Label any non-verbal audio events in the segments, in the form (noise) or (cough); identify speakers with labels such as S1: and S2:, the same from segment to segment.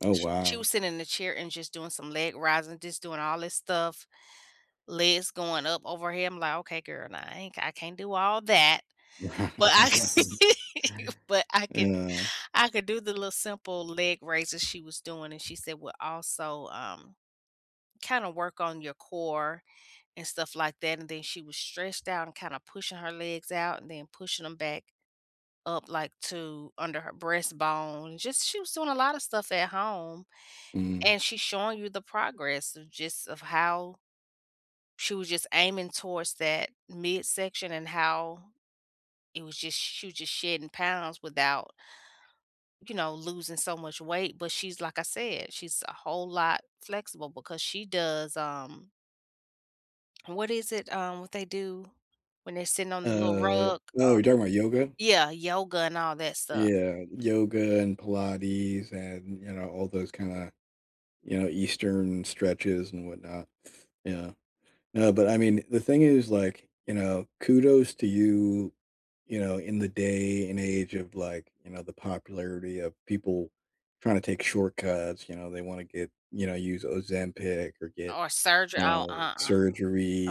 S1: Oh,
S2: Sh she
S1: wow.
S2: was sitting in the chair and just doing some leg rising, just doing all this stuff. Legs going up over here, I'm like, "Okay, girl, now I ain't I can't do all that," but, I
S1: (laughs)
S2: (laughs) but, I could
S1: Yeah.
S2: I could do the little, simple leg raises she was doing, and she said, well, "Also, um, kinda work on your core, and stuff like that, and then she was stretched out and, kinda pushing her legs out and then pushing 'em back up, like, to, under her breastbone, just she was doing a lotta stuff at home,
S1: Mm.
S2: and she's showing you the progress of just of how she was just aiming towards that midsection, and how, it was just she was just shedding pounds without you know, losing so much weight, but she's like I said, she's a whole lot flexible, because she does, um what is it? Um, what they do when they sitting on the little
S1: Uh,
S2: rug, um
S1: oh, you're talking about yoga?
S2: yeah, yoga and all that stuff.
S1: Yeah, yoga and Pilates and, you know, all those kinda, you know, eastern stretches, and whatnot. Yeah. No, but, I mean, the thing is, like, you know, kudos to you, you know, in the day and age of, like, you know, the popularity of people tryna take shortcuts, you know, they wanna get you know, use Ozempic or get,
S2: Or surgery
S1: you
S2: oh,
S1: know,
S2: uh-uh.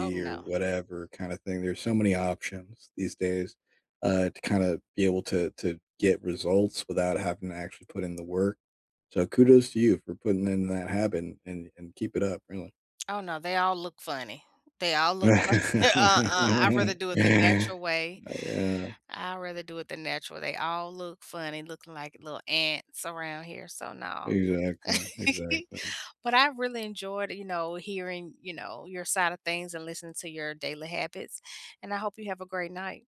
S2: Oh,
S1: or
S2: no.
S1: whatever kind of thing, there's so many options these days, uh, to kinda be able to to get results without having to actually put in the work. So, kudos to you for putting in that habit and and keep it up, really.
S2: Oh, no, they all look funny, they all look funn (chuckles) uh-uh, I'd rather
S1: (laughs)
S2: do it the natural way.
S1: But, yeah.
S2: I'd rather do it the natural they all look funny looking like little ants around here, so, no.
S1: Exactly,
S2: (chuckles)
S1: exactly.
S2: But, I really enjoyed, you know, hearing, you know, your side a things, and listening to your daily habits, and I hope you have a great night.